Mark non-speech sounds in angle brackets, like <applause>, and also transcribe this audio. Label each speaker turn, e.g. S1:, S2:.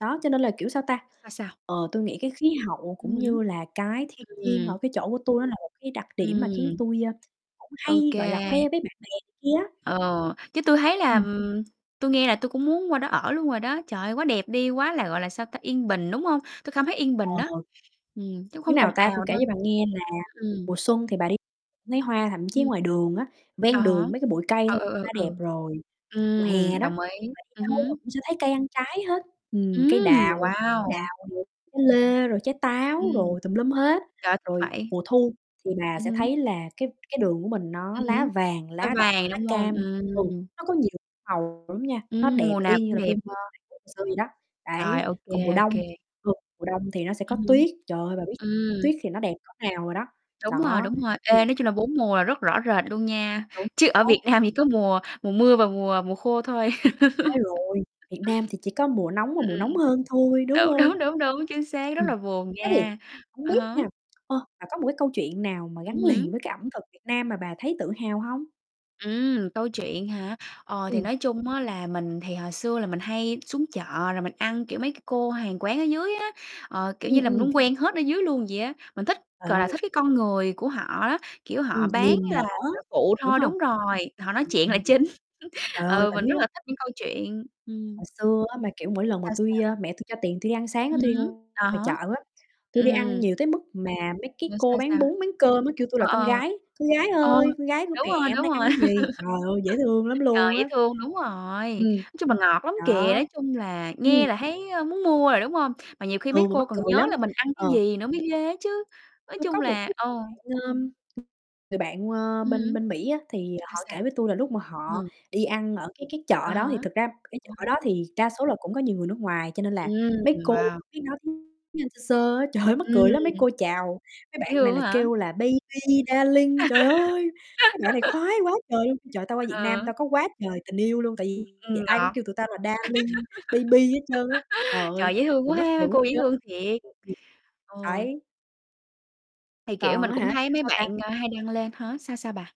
S1: Đó cho nên là, kiểu, sao ta,
S2: Sao, sao?
S1: ờ, tui nghĩ cái khí hậu
S2: Ừm
S1: cũng
S2: hứm.
S1: như là cái thiên nhiên
S2: Ừm.
S1: ở cái chỗ của tui nó là một cái đặc điểm mà khiến
S2: Ừm.
S1: tui, ơ, cũng
S2: Ô
S1: hay, gọi là, khoe
S2: kê.
S1: với bạn bè kia á.
S2: Ừ, chứ tui thấy là
S1: Ừm.
S2: ừm, tui nghe là tui cũng muốn qua đó ở luôn rồi đó. Trời ơi, quá đẹp đi, quá là, gọi là, sao ta, yên bình, đúng hông? Tui cảm thấy yên bình
S1: Ờ.
S2: đó, ừm, chứ không
S1: Như
S2: ồn
S1: nào ta, tui
S2: ào
S1: kể
S2: đâu.
S1: cho bà nghe là
S2: Ừm.
S1: mùa xuân thì bà đi thấy hoa thậm
S2: Ừm
S1: chí ngoài
S2: hưm.
S1: đường á,
S2: À
S1: ven
S2: há,
S1: đường mấy cái bụi cây
S2: ờ,
S1: thôi
S2: ừ,
S1: đã
S2: ừ,
S1: đẹp
S2: ừ.
S1: rồi. Mùa hè
S2: Ừm,
S1: đó,
S2: đồng
S1: thì
S2: ý,
S1: bà đi
S2: ừm
S1: đâu bà
S2: hứm.
S1: cũng sẽ thấy cây ăn trái hết, ừm, cây
S2: Ừm,
S1: đào, trái
S2: wow!
S1: đào, rồi trái lê, rồi trái táo
S2: Ừm.
S1: rồi tùm lum hết.
S2: Trời, thích
S1: Rồi
S2: vậy.
S1: mùa thu thì bà
S2: Ừm
S1: sẽ
S2: hứm.
S1: thấy là cái cái đường của mình nó
S2: Ừm
S1: lá
S2: hứm,
S1: vàng,
S2: nó
S1: lá đỏ,
S2: vàng,
S1: lá
S2: đúng hông?
S1: cam, ừ,
S2: Ừm.
S1: nó có nhiều màu lắm nha, nó
S2: Ừm,
S1: đẹp
S2: mùa nào
S1: y như
S2: cũng
S1: là
S2: đẹp.
S1: phim, ơ, Hàn Quốc hồi xưa vậy đó,
S2: Rồi,
S1: đấy.
S2: ô kê,
S1: Còn mùa
S2: ô
S1: đông,
S2: kê.
S1: thường mùa đông thì nó sẽ có
S2: Ừm hứm.
S1: tuyết, trời ơi, bà biết
S2: Ừm.
S1: tuyết thì nó đẹp cỡ nào rồi đó,
S2: Đúng rồi,
S1: đó.
S2: đúng rồi,
S1: Ừm.
S2: ê, nói chung là 4 mùa là rất rõ rệt luôn nha,
S1: Đúng
S2: chứ ở
S1: xác.
S2: Việt Nam thì có mùa mùa mưa và mùa mùa khô thôi.
S1: Sai rồi,
S2: <laughs>
S1: Việt Nam thì chỉ có mùa nóng và
S2: Ừm,
S1: mùa
S2: ừm, ừm.
S1: nóng hơn thôi, đúng
S2: Đúng,
S1: hông?
S2: đúng, đúng, đúng, chính xác, rất
S1: Ừm,
S2: là buồn
S1: thế thì
S2: nha,
S1: hông
S2: à
S1: biết
S2: há.
S1: nha, ơ, bà có một cái câu chuyện nào mà
S2: Ừm
S1: gắn liền
S2: hứm.
S1: với cái ẩm thực Việt Nam mà bà thấy tự hào hông?
S2: Ừm, câu chuyện hả? Ờ, thì
S1: Ừm.
S2: nói chung á là mình thì hồi xưa là mình hay xuống chợ rồi mình ăn, kiểu, mấy cái cô hàng quán ở dưới á, ờ, kiểu như
S1: Ừm,
S2: là, mình
S1: ừm.
S2: muốn quen hết ở dưới luôn vậy á. Mình thích,
S1: Trời
S2: gọi là,
S1: ơi.
S2: thích cái con người của họ á, kiểu, họ
S1: Ừm,
S2: bán,
S1: niềm
S2: à,
S1: nở,
S2: là phụ
S1: đúng
S2: thôi,
S1: hông?
S2: đúng rồi, họ nói chuyện là
S1: Ừm.
S2: chính.
S1: Trời
S2: <chuckles>
S1: ơi,
S2: Ừ, mình
S1: tỉnh
S2: rất
S1: quá.
S2: là thích những câu chuyện, ừm.
S1: Hồi xưa á mà, kiểu, mỗi lần mà
S2: Sao,
S1: tui
S2: sao?
S1: ơ, mẹ tui cho tiền tui đi ăn sáng á,
S2: Ừm
S1: tui đi mua
S2: hứm, à
S1: ngoài
S2: há.
S1: chợ á, tui đi ăn
S2: Ừm.
S1: nhiều tới mức mà mấy cái
S2: <unintelligible>
S1: cô
S2: Sao,
S1: bán
S2: sao?
S1: bún, bán cơm á kêu tui là
S2: Ờ,
S1: con gái, "Con gái
S2: ờ. Ừ,
S1: ơi, con gái của
S2: đúng rồi,
S1: mẹ hôm
S2: đúng
S1: nay
S2: rồi.
S1: ăn gì?" Trời ơi, dễ thương lắm
S2: <laughs> Trời,
S1: luôn
S2: dễ
S1: á!
S2: thương, đúng rồi. Nói
S1: Ừm.
S2: chung là ngọt lắm
S1: Đó.
S2: kìa, nói chung là
S1: Ừm.
S2: nghe là thấy muốn mua rồi, đúng hông? Mà nhiều khi mấy
S1: Ừ, mà
S2: cô
S1: mắc
S2: còn
S1: cười
S2: nhớ
S1: lắm
S2: là mình ăn cái
S1: ờ.
S2: gì nữa mới ghê á chứ. Nói
S1: Tui có
S2: chung
S1: một
S2: là
S1: cái
S2: ừ.
S1: bạn, ờm, người bạn, ờ,
S2: Ừm
S1: bên
S2: hứm.
S1: bên Mỹ á thì, à,
S2: Sao,
S1: họ
S2: sao?
S1: kể với tui là lúc mà họ
S2: Ừm.
S1: đi ăn ở cái cái
S2: À
S1: chợ đó, thì
S2: há, à
S1: thật ra cái chợ đó
S2: há.
S1: thì đa số là cũng có nhiều người nước ngoài cho nên là
S2: Ừm,
S1: mấy cô
S2: wow.
S1: biết nói tiếng tiếng Anh sơ sơ á. Trời ơi, mắc
S2: Ừm.
S1: cười lắm, mấy cô chào mấy
S2: Dễ
S1: bạn này
S2: thương
S1: là
S2: quá hả? <unintelligible>
S1: kêu là "baby, darling" trời ơi! Mấy bạn này
S2: <laughs>
S1: khoái quá trời luôn, "Trời, tao qua Việt Nam
S2: Ờ.
S1: tao có quá trời tình yêu luôn, tại
S2: Ừm,
S1: vì vì
S2: ừm,
S1: ai cũng
S2: ngọt.
S1: kêu tụi tao là "darling, baby" hết trơn á, trời
S2: <laughs>
S1: ơi,
S2: Trời, dễ thương
S1: mình
S2: quá
S1: mắc cười
S2: ha,
S1: muốn
S2: cô dễ
S1: chết.
S2: thương thiệt.
S1: <unintelligible>
S2: Ừ.
S1: Đấy.
S2: Thì, kiểu,
S1: Còn
S2: mình
S1: á
S2: cũng
S1: hả, kể
S2: thấy mấy
S1: sao ta.
S2: bạn hay đăng lên hả? Sao, sao bà?